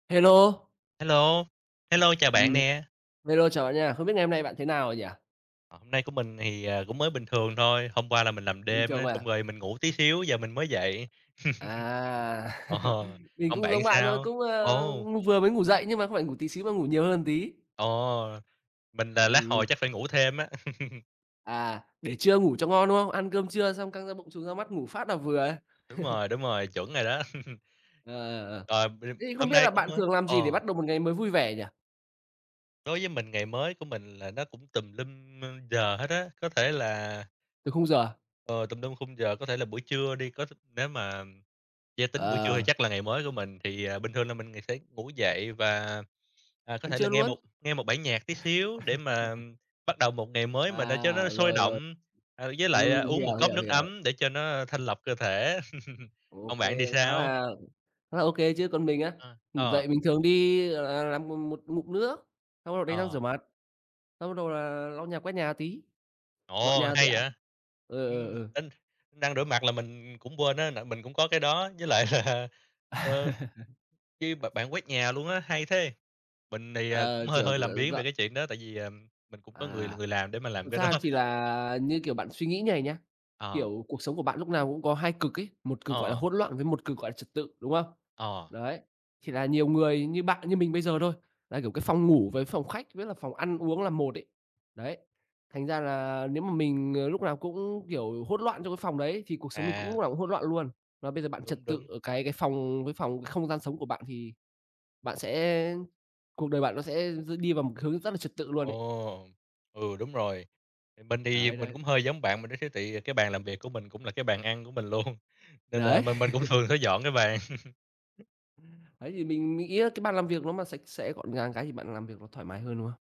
Hello. Hello. Hello, chào Ừm, bạn à, nè. hello, chào bạn nha. Không biết ngày hôm nay bạn thế nào nhỉ? À, hôm nay của mình thì, ờ, cũng mới bình thường thôi, hôm qua là mình làm Bình đêm thường á, xong à? rồi mình ngủ tí xíu, giờ mình mới dậy. À, Ồ, mình còn cũng bạn giống thì bạn thôi, sao? cũng, ơ, Ồ! ng vừa mới ngủ dậy, nhưng mà không phải ngủ tí xíu mà ngủ nhiều hơn một tí. Ồ, mình là lát Ừm, hồi ừm. chắc phải ngủ thêm á. À, để trưa ngủ cho ngon, đúng không? Ăn cơm trưa xong căng da bụng, chùng da mắt, ngủ phát là vừa. Đúng rồi, đúng rồi, chuẩn rồi đó. Ờ, ờ, ờ. Ờ, b Thế thì không hôm biết nay là cũng bạn mới thường làm gì để ờ. bắt đầu một ngày mới vui vẻ nhỉ? Đối với mình ngày mới của mình là nó cũng tùm lum giờ hết á. Có thể là Tuỳ khung giờ à? Ờ, tùm lum khung giờ. Có thể là buổi trưa đi, có th nếu mà yeah, tính buổi trưa thì Ờ. chắc là ngày mới của mình thì, ờ, bình thường là mình ng sẽ ngủ dậy và, à, có Ăn thể là trưa nghe luôn. 1, nghe 1 bản nhạc tí xíu để mà bắt đầu một ngày mới mà nó cho nó À, sôi rồi, rồi. động. À, với lại, à, Ừm, uống 1 hiểu, cốc hiểu, nước hiểu. ấm để cho nó thanh lọc cơ thể. Ô Còn bạn thì kê, khá sao? là khá là ô kê chứ! Còn mình á, Ờ, ngủ ờ. dậy mình thường đi, gọi là, làm mô 1 ngụm nước, xong bắt đầu đánh răng rửa Ờ. mặt, xong bắt đầu là lau nhà, quét nhà tí, dọn Ồ! nhà Hay tẹo. vậy. Ờ, ờ, Ừm, ờ. đánh đánh răng, rửa mặt là mình cũng quên á, tại mình cũng có cái đó với lại là, À. ờ, cái b bạn quét nhà luôn á, hay thế! Mình thì, ờ, Ờ, cũng hơi kiểu, d hơi làm biếng về dọn cái chuyện đó, tại vì, ờm, mình cũng có người À. người làm để mà làm Thật cái đó. ra thì là, như kiểu, bạn suy nghĩ như này nhá, Ờ. kiểu, cuộc sống của bạn lúc nào cũng có 2 cực ấy, 1 cực gọi là Ờ. hỗn loạn, với 1 cực gọi là trật tự, đúng không? Ờ. Đấy, thì là nhiều người như bạn như mình bây giờ thôi, là, kiểu, cái phòng ngủ với phòng khách với là phòng ăn uống là một ấy. Đấy, thành ra là nếu mà mình, ờ, lúc nào cũng, kiểu, hỗn loạn trong cái phòng đấy, thì cuộc sống mình cũng lúc À. nào cũng hỗn loạn luôn. Mà bây giờ bạn Đúng, trật tự đúng. ở cái cái phòng cái phòng cái không gian sống của bạn thì bạn sẽ cuộc đời bạn nó sẽ s đi vào một hướng rất là trật tự luôn ấy. Ồ, ừ, đúng rồi. Thì mình thì Đấy, mình đấy. cũng hơi giống bạn mà đó chứ, tại vì cái bàn làm việc của mình cũng là cái bàn ăn của mình luôn, nên là Đấy. m mình cũng thường phải dọn cái bàn. Đấy thì mình nghĩ á cái bàn làm việc nó mà sạch sẽ, gọn gàng cái thì bạn làm việc nó thoải mái hơn, đúng không?